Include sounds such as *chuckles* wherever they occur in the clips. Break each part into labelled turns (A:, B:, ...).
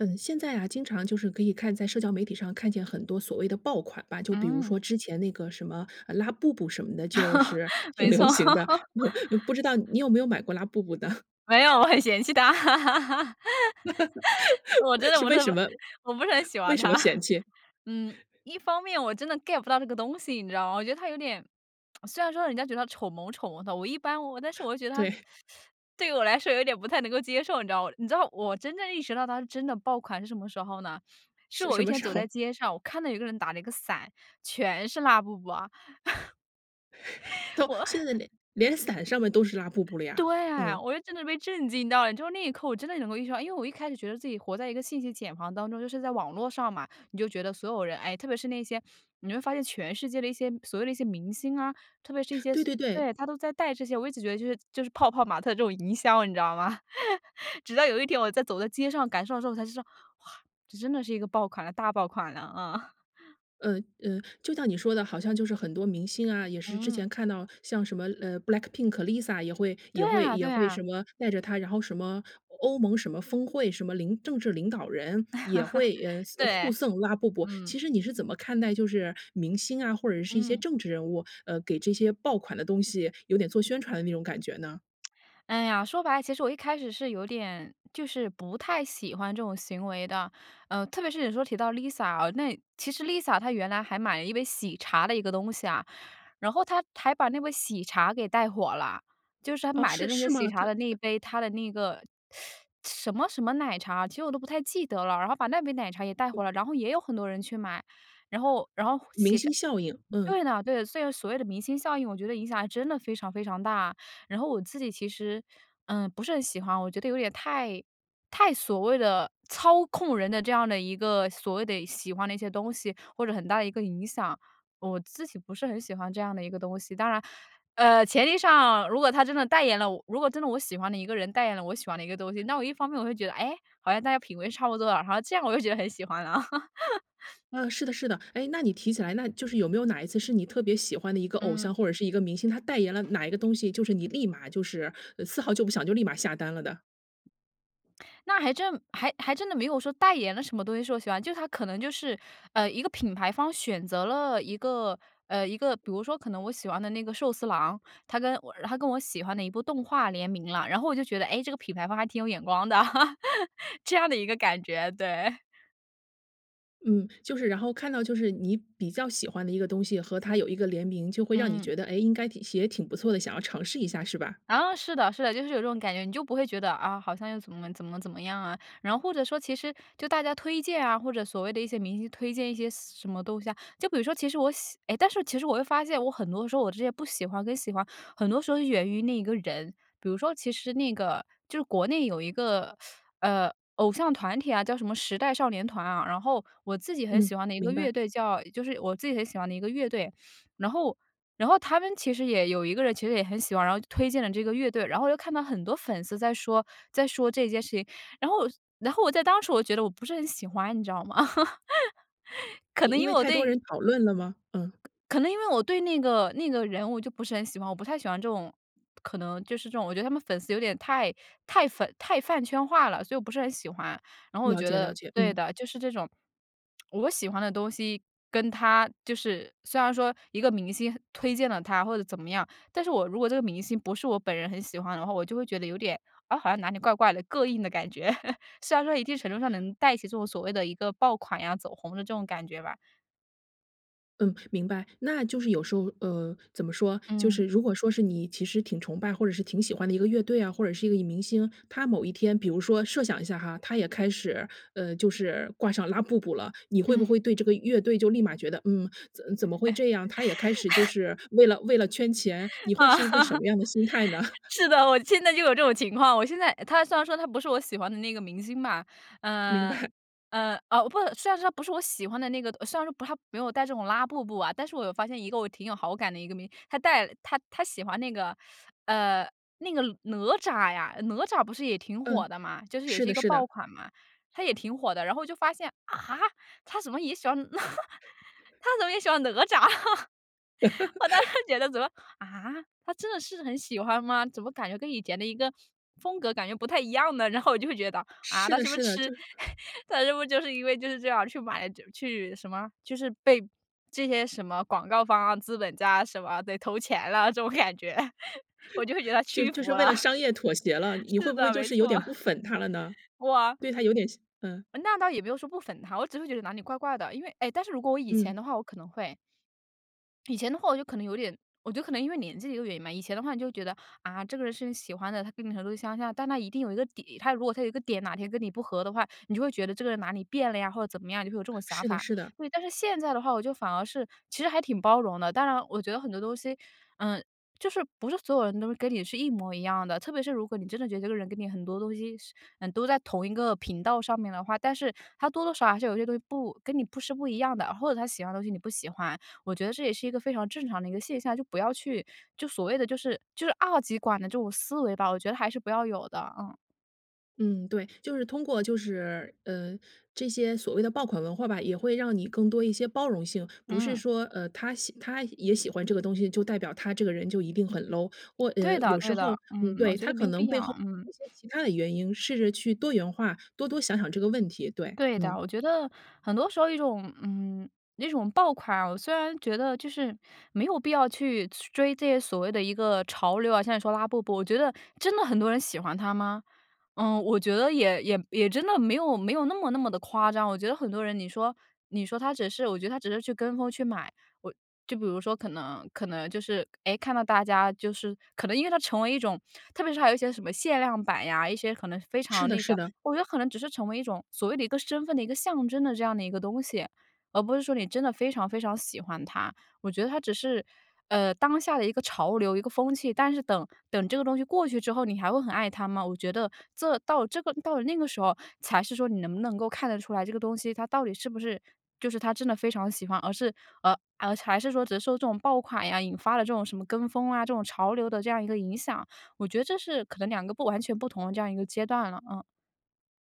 A: 嗯，现在啊经常就是可以看在社交媒体上看见很多所谓的爆款吧。就比如
B: 嗯。
A: 说之前那个什么，呃，拉布布什么的，就是
B: *laughs*
A: 挺
B: 没
A: 流
B: 错。
A: 行
B: *laughs*
A: 的，*chuckles* 不知道你有没有买过拉布布呢？
B: 没有，我很嫌弃它。*laughs* 我真
A: *laughs*
B: 的
A: 是
B: 不
A: 为
B: 特
A: 什
B: 别
A: 么？
B: 我不是很喜
A: 为
B: 欢
A: 什么
B: 它。
A: 嫌弃？
B: 嗯，一方面我真的 get 不到这个东西，你知道吗？我觉得它有点，*smacks lips* 虽然说人家觉得它丑萌丑萌的，我一般我但是
A: *chuckles*
B: 我又觉得它
A: 对。
B: *sucks teeth* 对于我来说有点不太能够接受，你知道哇。你知道我真正意识到它是真的爆款是什么时候呢？是
A: 是
B: 我
A: 什
B: 一
A: 么
B: 天
A: 时
B: 走在
A: 候？
B: 街上，我看到有一个人打那个伞，全是拉布布啊。
A: *chuckles*
B: *laughs*
A: 都
B: 我
A: 现在连连伞上面都是拉布布了呀，
B: 对啊，
A: 嗯。
B: 我就真的被震惊到了。你知道那一刻我真的能够意识到，因为我一开始觉得自己活在一个信息茧房当中。就是在网络上嘛，你就觉得所有人，哎，特别是那些，你会发现全世界的一些所谓的一些明星啊，特别是一些
A: 对对对。
B: 对，他都在带这些。我一直觉得就是就是泡泡玛特这种营销，你知道吗？*chuckles* 直到有一天我在走在街上感受到的时候，我才知道，哇，这真的是一个爆款了，大爆款了，啊。*chuckles*
A: 嗯嗯，就像你说的，好像就是很多明星啊，也是之
B: 嗯。
A: 前看到像什么呃，BLACKPINK、Lisa 也会
B: 对
A: 也会
B: 啊
A: 也
B: 对
A: 会什
B: 啊。
A: 么带着它，然后什么欧盟什么峰会，什么领政治领导人也会，呃，
B: *laughs*
A: 送互
B: 对，
A: 送拉布布。
B: 嗯。
A: 其实你是怎么看待就是明星啊，或者是一些
B: 嗯。
A: 政治人物，呃，给这些爆款的东西有点做宣传的那种感觉呢？
B: *smacks lips* 哎呀，说白了，其实我一开始是有点就是不太喜欢这种行为的。呃，特别是有时候提到 Lisa，哦，那其实 Lisa 她原来还买了一杯喜茶的一个东西啊，然后她还把那杯喜茶给带火了。就是她
A: 哦，
B: 买的
A: 是
B: 那个
A: 是
B: 喜
A: 吗？
B: 茶
A: 它
B: 的那一
A: 它
B: 杯，她的那个，*sucks teeth* 什么什么奶茶其实我都不太记得了，然后把那杯奶茶也带火了，然后也有很多人去买。然后然后
A: 明
B: 喜茶
A: 星效应，嗯。
B: 对的，对。虽然所谓的明星效应，我觉得影响还真的非常非常大。然后我自己其实，嗯，不是很喜欢，我觉得有点太太所谓的操控人的这样的一个所谓的喜欢的一些东西，或者很大的一个影响。我自己不是很喜欢这样的一个东西。当然，呃，前提上如果他真的代言了我如果真的我喜欢的一个人代言了我喜欢的一个东西，那我一方面我会觉得，哎，好像大家品味差不多了，然后这样我就觉得很喜欢了。*laughs*
A: 呃，是的是的。哎，那你提起来，那就是有没有哪一次是你特别喜欢的一个偶
B: 嗯。
A: 像或者是一个明星，他代言了哪一个东西，就是你立马就是丝毫就不想，就立马下单了的？
B: 那还真还还真的没有说代言了什么东西是我喜欢，就是它可能就是，呃，一个品牌方选择了一个，呃，一个，比如说可能我喜欢的那个寿司郎，它跟我然后它跟我喜欢的一部动画联名了，然后我就觉得哎这个品牌方还挺有眼光的，*laughs* 这样的一个感觉，对。
A: 嗯，就是然后看到就是你比较喜欢的一个东西，和它有一个联名，就会让你
B: 嗯。
A: 觉得：“哎，应该挺也挺不错的。”想要尝试一下是吧？
B: 啊，是的，是的，就是有这种感觉，你就不会觉得：“啊，好像又怎么怎么怎么样啊。”然后或者说其实就大家推荐啊，或者所谓的一些明星推荐一些什什么东西啊，就比如说其实我喜诶，但是其实我又发现我很多时候我这些不喜欢跟喜欢，很多时候是源于那一个人。比如说其实那个就是国内有一个，*sucks teeth* 呃，偶像团体啊，叫什么“时代少年团”啊，然后我自己很喜
A: 嗯，
B: 欢的一个
A: 明白。
B: 乐队叫，就是我自己很喜欢的一个乐队，然后然后他们其实也有一个人其实也很喜欢，然后就推荐了这个乐队，然后又看到很多粉丝在说在说这件事情，然后然后我在当时我就觉得我不是很喜欢，你知道吗？*laughs* 可能
A: 因因
B: 因为
A: 为
B: 我
A: 太多
B: 对
A: 人讨论了吗？嗯。
B: 可能因为我对那个那个人物就不是很喜欢，我不太喜欢这种可能就是这种我觉得他们粉丝有点太太粉太饭圈化了，所以我不是很喜欢。然后我就
A: 了
B: 觉
A: 解，
B: 得
A: 了解，
B: 对
A: 嗯。
B: 的，就是这种，*smacks lips* 我喜欢的东西跟他就是虽然说一个明星推荐了他或者怎么样，但是我如果这个明星不是我本人很喜欢的话，我就会觉得有点，啊，好像哪里怪怪的，膈应的感觉。*laughs* 虽然说一定程度上能带起这种所谓的一个爆款呀、走红的这种感觉吧。
A: 嗯，明白。那就是有时候呃，怎么说，就是
B: 嗯。
A: 如果说是你其实挺崇拜或者是挺喜欢的一个乐队啊，或者是一个明星，他某一天比如说设想一下哈，他也开始，呃，就是挂上拉布布了，你
B: 嗯。
A: 会不
B: *chuckles*
A: 会对这个乐队就立马觉得，嗯，怎怎么会这样？他也开始就
B: *laughs*
A: 是为了为了圈钱。你会是一个什
B: *laughs*
A: 么样的心态呢？*laughs*
B: 是的，我现在就有这种情况。我现在他虽然说他不是我喜欢的那个明星嘛，
A: 明
B: 呃，
A: 白。
B: 呃，啊，不虽然说他不是我喜欢的那个，虽然说不，他没有戴这种拉布布啊。但是我又发现一个我挺有好感的一个明星，他戴了他他喜欢那个呃，那个哪吒呀，哪吒不是也挺火
A: 嗯，
B: 的嘛，就是也
A: 是
B: 是一
A: 的
B: 个
A: 是的。
B: 爆款嘛，它也挺火的。然后我就发现，啊？他怎么也喜欢？*laughs* 他怎么
A: *laughs*
B: 也喜欢哪吒？我当时
A: *laughs*
B: 觉得怎么，啊？他真的是很喜欢吗？怎么感觉跟以前的一个风格感觉不太一样呢？然后我就会觉得，啊？
A: 是
B: 他
A: 的
B: 是不是
A: 是的，
B: 痴
A: 就是
B: *laughs* 他是不是就是因为就是这样去买去什么，就是被这些什么广告方啊、资本家什么得投钱了，这种感觉。我就会觉得
A: *chuckles*
B: 他
A: 就
B: 屈
A: 就
B: 服
A: 是为
B: 了，
A: 了商业妥协了，你会
B: 是
A: 不会
B: 的，
A: 就
B: 没
A: 是有
B: 错，
A: 点不粉他了呢？
B: 哇
A: 对他有点失嗯。
B: 那倒也没有说不粉他，我只是会觉得哪里怪怪的。因为哎，但是如果我以前
A: 嗯。
B: 的话我可能会。以前的话我就可能有点我觉得可能因为年纪的一个原因吧，以前的话你就会觉得，啊，这个人是你喜欢的，他跟你程度相像，但他一定有一个点，他如果他有一个点哪天跟你不合的话，你就会觉得这个人哪里变了呀，或者怎么样，你就会有这种想
A: 是的
B: 法。
A: 是的。
B: 对，但是现在的话我就反而是其实还挺包容的。当然我觉得很多东西嗯，就是不是所有人都跟你是一模一样的，特别是如果你真的觉得这个人跟你很多东西是都在同一个频道上面的话，但是他多多少少还是有些东西不跟你不是不一样的，或者他喜欢的东西你不喜欢。我觉得这也是一个非常正常的一个现象。就不要去就所谓的就是就是二极管的这种思维吧，我觉得还是不要有的，嗯。
A: 嗯，对，就是通过就是呃，这些所谓的爆款文化吧，也会让你更多一些包容性，不是
B: 嗯。
A: 说，呃，他喜他也喜欢这个东西，就代表他这个人就一定很 low。我
B: 对
A: 呃，有
B: 的
A: 时
B: 对的，
A: 候嗯，
B: 嗯，我
A: 对，
B: 觉
A: 它
B: 得
A: 可
B: 没
A: 能
B: 必
A: 背后
B: 要，嗯。
A: 有一些其他的原因，试着去多元化，多多想想这个问题，对，
B: 对
A: 嗯。
B: 的，我觉得很多时候一种嗯，那种爆款啊，我虽然觉得就是没有必要去去追这些所谓的一个潮流啊，像你说拉布布，我觉得真的很多人喜欢它吗？嗯，我觉得也也也真的没有没有那么那么地夸张，我觉得很多人你说你说他只是我觉得他只是去跟风去买。我就比如说可能可能就是，诶，看到大家就是可能因为它成为一种特别是还有一些什么限量版呀，一些可能非
A: 是
B: 常
A: 的
B: 那啥，
A: 是的。
B: 我觉得可能只是成为一种所谓的一个身份的一个象征的这样的一个东西，而不是说你真的非常非常喜欢它。我觉得它只是呃，当下的一个潮流，一个风气，但是等等这个东西过去之后，你还会很爱它吗？我觉得这到这个到了那个时候才是说你能不能够看得出来这个东西它到底是不是就是他真的非常喜欢，而是呃，还是说只是受这种爆款呀，引发了这种什么跟风啊，这种潮流的这样一个影响，我觉得这是可能两个不完全不同的这样一个阶段了，嗯。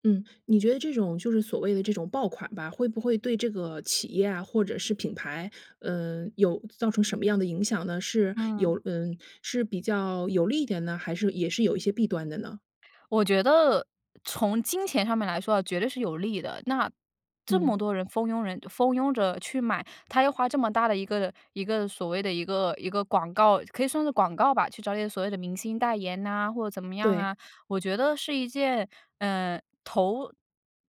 A: 嗯。你觉得这种就是所谓的这种爆款吧，会不会对这个企业啊或者是品牌，呃，有造成什么样的影响呢？是
B: 嗯。
A: 有嗯，是比较有利一点呢？还是也是有一些弊端的呢？
B: 我觉得，从金钱上面来说啊，绝对是有利的。那这
A: 嗯。
B: 么多人蜂拥人蜂拥着去买，它要花这么大的一个一个所谓的一个一个广告可以算是广告吧，去找一点所谓的明星代言呐，或怎么样
A: 对。
B: 啊。我觉得是一件，呃，投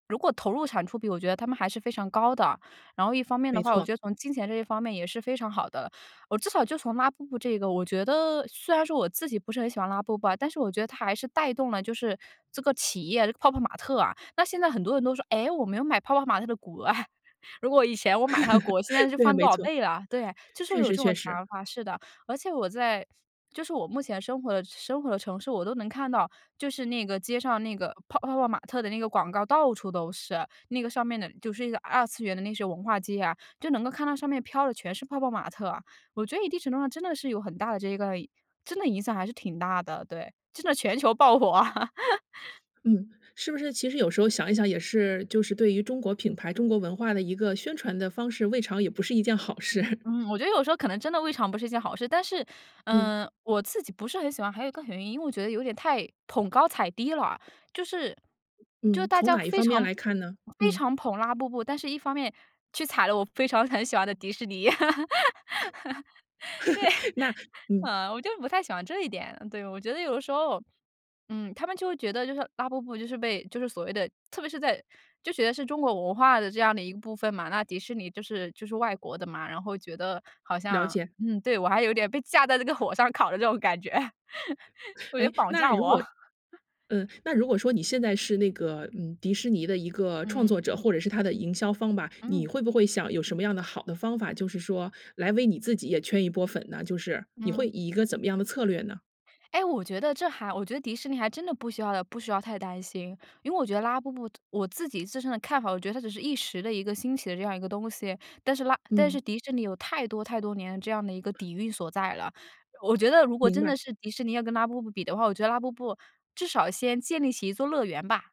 B: 如果投入产出比，我觉得它们还是非常高的。然后一方面的
A: 没
B: 话，我
A: 错。
B: 觉得从金钱这一方面也是非常好的。哦，至少就从拉布布这个，我觉得虽然说我自己不是很喜欢拉布布啊，但是我觉得它还是带动了就是这个企业这个泡泡玛特啊。那现在很多人都说，诶，我没有买泡泡玛特的股啊。*laughs* 如果以前我买它的股，现在
A: *laughs*
B: 是
A: 对啊，
B: 翻
A: 没
B: 多少
A: 错。
B: 倍了？对，就是会
A: 确
B: 有
A: 实，
B: 这种
A: 确
B: 想
A: 实。
B: 法，是的。而且我在就是我目前生活的生活的城市，我都能看到，就是那个街上那个泡泡泡玛特的那个广告，到处都是。那个上面的就是一个二次元的那些文化街啊，就能够看到上面飘的全是泡泡玛特。我觉得一定程度上真的是有很大的这个真的影响还是挺大的。对，真的全球爆火啊。*laughs*
A: 嗯，是不是其实有时候想一想也是就是对于中国品牌、中国文化的一个宣传的方式，未尝也不是一件好事。
B: 嗯，我觉得有时候可能真的未尝不是一件好事，但是，
A: 嗯。
B: 呃，我自己不是很喜欢，还有一个原因，因为我觉得有点太捧高踩低了。就是就
A: 嗯。
B: 大
A: 从
B: 家
A: 哪一
B: 非
A: 方面
B: 常
A: 来看呢？
B: 非
A: 嗯。
B: 常捧拉布布，但是一方面去踩了我非常很喜欢的迪士尼。*laughs* 对，
A: *laughs* 那
B: *laughs*
A: 嗯。
B: 嗯，我就不太喜欢这一点，对，我觉得有的时候，嗯，他们就会觉得就是拉布布就是被就是所谓的特别是在就觉得是中国文化的这样的一个部分嘛，那迪士尼就是就是外国的嘛，然后觉得好
A: 了
B: 像
A: 解。
B: 嗯，对，我还有点被架在这个火上烤的这种感觉。*laughs* 我觉得
A: 诶？
B: 绑
A: 那
B: 架
A: 如
B: 我。
A: 果
B: *laughs*
A: 嗯，那如果说你现在是那个，嗯，迪士尼的一个创
B: 嗯。
A: 作者，或者是它的营销方吧，你
B: 嗯。
A: 会不会想有什么样的好的方法，就是说来为你自己也圈一波粉呢？就是你会
B: 嗯。
A: 以一个怎么样的策略呢？
B: 哎，我觉得这还我觉得迪士尼还真的不需要不需要太担心。因为我觉得拉布布我自己自身的看法，我觉得它只是一时的一个兴起的这样一个东西。但是拉但
A: 嗯。
B: 是迪士尼有太多太多年这样的一个底蕴所在了。我觉得如果
A: 明
B: 真
A: 白。
B: 的是迪士尼要跟拉布布比的话，我觉得拉布布至少先建立起一座乐园吧。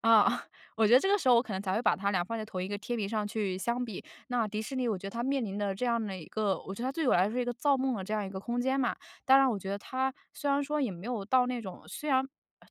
B: 啊，*chuckles* 我觉得这个时候我可能才会把它俩放在同一个天平上去相比。那迪士尼我觉得它面临的这样的一个我觉得它对我来说是一个造梦的这样一个空间嘛。当然我觉得它虽然说也没有到那种虽然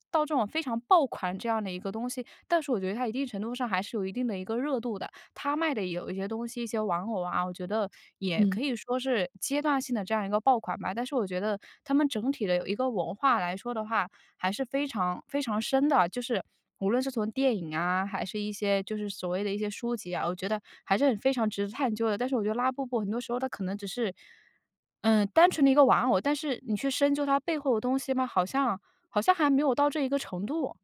B: 到这种非常爆款这样的一个东西，但是我觉得它一定程度上还是有一定的一个热度的。它卖的有一些东西，一些玩偶啊，我觉得也
A: 嗯。
B: 可以说是阶段性的这样一个爆款吧。但是我觉得它们整体的有一个文化来说的话，还是非常非常深的。就是无论是从电影啊，还是一些就是所谓的一些书籍啊，我觉得还是很非常值得探究的。但是我觉得拉布布很多时候它可能只是，嗯，单纯的一个玩偶，但是你去深究它背后的东西吗，好像好像还没有到这一个程度，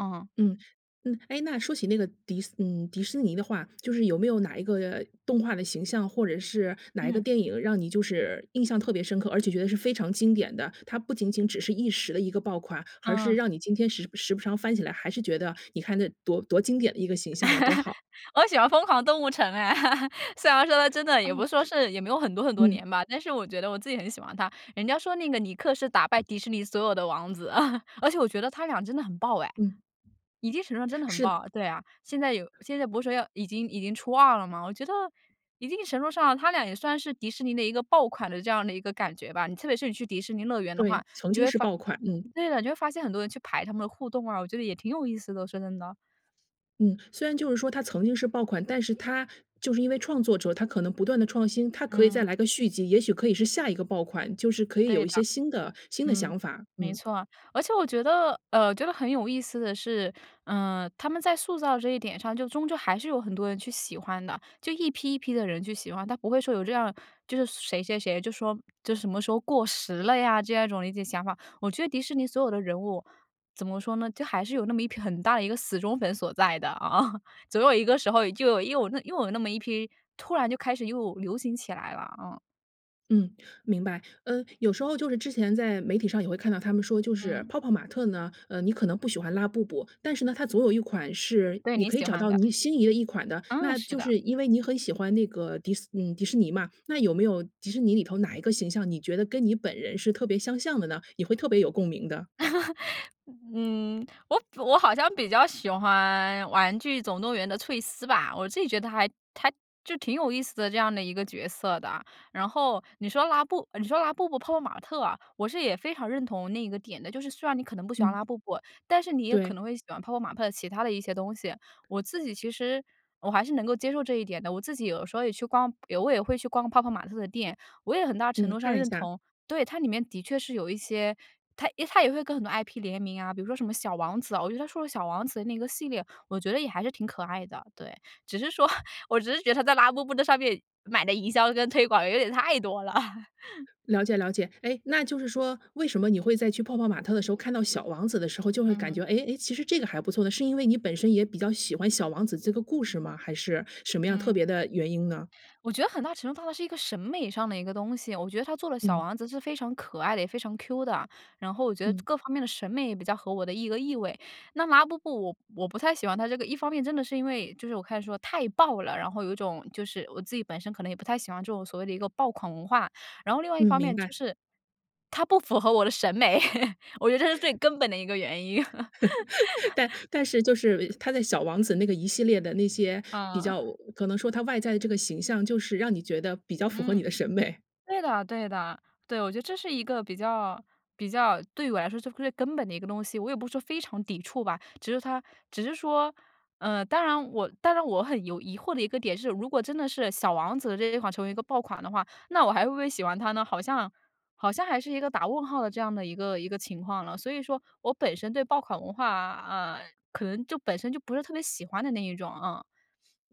B: 嗯。
A: 嗯，嗯。哎，那说起那个迪斯嗯，迪士尼的话，就是有没有哪一个，呃，动画的形象，或者是哪一个
B: 嗯。
A: 电影让你就是印象特别深刻，而且觉得是非常经典的。它不仅仅只是一时的一个爆款，而是
B: 嗯。
A: 让你今天时时不常翻起来，还是觉得你看这多多经典的一个形象啊，多好。
B: *laughs* 我喜欢疯狂动物城哎。*laughs* 虽然说它真的
A: 哦。
B: 也不是说是也没有很多很多
A: 嗯。
B: 年吧，但是我觉得我自己很喜欢它。人家说那个尼克是打败迪士尼所有的王子，*laughs* 而且我觉得他俩真的很爆哎，
A: 嗯。
B: 一定程度上真的很
A: 是的。
B: 爆，对啊，现在有现在不是说要已经已经出2了吗？我觉得一定程度上，他俩也算是迪士尼的一个爆款的这样的一个感觉吧。你特别是你去迪士尼乐园的
A: 对，
B: 话，
A: 曾
B: 你就
A: 经
B: 会
A: 是
B: 发
A: 爆款，嗯。
B: 对的，哎，你就会发现很多人去排他们的互动啊。我觉得也挺有意思的，我说真的。
A: 嗯，虽然就是说它曾经是爆款，但是它就是因为创作者他可能不断地创新，他可以再
B: 嗯。
A: 来个续集，也许可以是下一个爆款，就是可以
B: 对
A: 有一
B: 的。
A: 些新的新的
B: 嗯，
A: 想法，
B: 没
A: 嗯。
B: 错。而且我觉得呃，觉得很有意思的是，呃，他们在塑造这一点上就终究还是有很多人去喜欢的，就一批一批的人去喜欢，它不会说有这样就是谁谁谁就说这什么时候过时了呀，这样一种理解想法。我觉得迪士尼所有的人物怎么说呢？就还是有那么一批很大的一个死忠粉所在的啊，总有一个时候就有又有又有那么一批，突然就开始又流行起来了，嗯。
A: 嗯，明白。嗯，有时候就是之前在媒体上也会看到他们说就是
B: 嗯。
A: 泡泡玛特呢，呃，你可能不喜欢拉布布，但是呢，它总有一款是
B: 对，
A: 你
B: 你
A: 可以
B: 喜
A: 找
B: 欢
A: 到
B: 的。
A: 你心仪的一款的。
B: 哦，
A: 那
B: 是
A: 就
B: 的。
A: 是因为你很喜欢那个迪斯嗯，迪士尼嘛，那有没有迪士尼里头哪一个形象，你觉得跟你本人是特别相像的呢？你会特别有共鸣的？
B: *laughs* 嗯，我我好像比较喜欢玩具总动员的翠丝吧，我自己觉得还还就挺有意思的这样的一个角色的。然后你说拉布你说拉布布、泡泡玛特啊，我是也非常认同那个点的，就是虽然你可能不喜欢
A: 嗯。
B: 拉布布，但是你也可
A: 对。
B: 能会喜欢泡泡玛特的其它的一些东西。我自己其实我还是能够接受这一点的。我自己有时候也去逛也会也会去逛泡泡玛特的店，我也很大程
A: 嗯，
B: 度上
A: 看一
B: 认
A: 下。
B: 同。对，它里面的确是有一些它它也会跟很多 IP 联名啊，比如说什么小王子啊，我觉得它出的小王子的那个系列，我觉得也还是挺可爱的，对，只是说我只是觉得它在拉布布的上面买的营销跟推广有点太多了。
A: 了解，了解。诶，那就是说为什么你会在去泡泡玛特的时候，看到小王子的时候就会感
B: 嗯。
A: 觉，哎，哎，其实这个还不错呢，是因为你本身也比较喜欢小王子这个故事吗？还是什么样特
B: 嗯。
A: 别的原因呢？
B: 我觉得很大程度上它是一个审美上的一个东西，我觉得它做了小
A: 嗯。
B: 王子是非常可爱的，也非常 Q 的。然后我觉得
A: 嗯。
B: 各方面的审美也比较合我的一个意味。那拉布布我我不太喜欢它这个一方面真的是因为就是我开始说太爆了，然后有一种就是我自己本身可能也不太喜欢这种所谓的一个爆款文化，然后另外一
A: 嗯，
B: 方
A: 明
B: 面就
A: 白。
B: 是它不符合我的审美，我觉得这是最
A: *laughs*
B: 根本的一个原因。*laughs*
A: *laughs* 但但是就是它在小王子那个一系列的那些比较
B: 嗯。
A: 可能说它外在的这个形象就是让你觉得比较符合你
B: 嗯，
A: 的审美。
B: 对的，对的。对，我觉得这是一个比较比较对我来说是最根本的一个东西，我也不是说非常抵触吧，只是它只是说，呃，当然我当然我很有疑惑的一个点是如果真的是小王子这一款成为一个爆款的话，那我还会不会喜欢它呢？好像好像还是一个打问号的这样的一个一个情况了。所以说我本身对爆款文化呃，可能就本身就不是特别喜欢的那一种，嗯。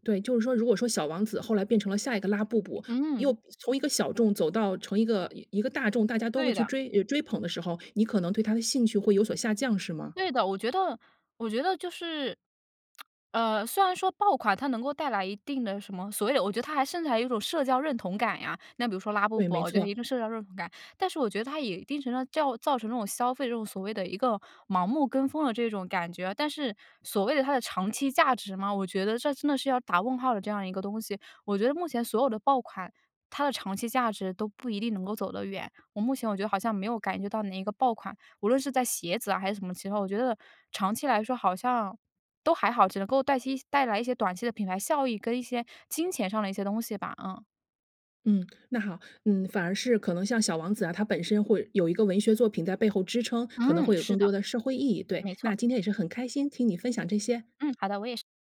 A: 对，就是说，如果说小王子后来变成了下一个拉布布，
B: 嗯。
A: 又从一个小众走到成一个一个大众，大家都会
B: 对
A: 去
B: 的。
A: 追呃追捧的时候，你可能对他的兴趣会有所下降是吗？
B: 对的，我觉得我觉得就是，*smacks lips* 呃，虽然说爆款它能够带来一定的什么所谓有我觉得它还甚至还有一种社交认同感呀，那比如说拉布
A: 对，
B: 布
A: 没
B: 我觉得
A: 错。
B: 一个社交认同感，但是我觉得它也一定程度上造造成这种消费这种所谓的一个盲目跟风的这种感觉。但是所谓的它的长期价值嘛，我觉得这真的是要打问号的这样一个东西。我觉得目前所有的爆款，它的长期价值都不一定能够走得远。我目前我觉得好像没有感觉到哪一个爆款，无论是在鞋子啊还是什么其它，我觉得长期来说好像都还好，只能够带些带来一些短期的品牌效益跟一些金钱上的一些东西吧，嗯。
A: 嗯，那好，嗯，反而是可能像小王子啊，他本身会有一个文学作品在背后支撑，可能
B: 嗯，
A: 会有
B: 是
A: 更
B: 的，
A: 多的社会意义。对，
B: 没错。
A: 那今天也是很开心听你分享这些。
B: 嗯，好的，我也是。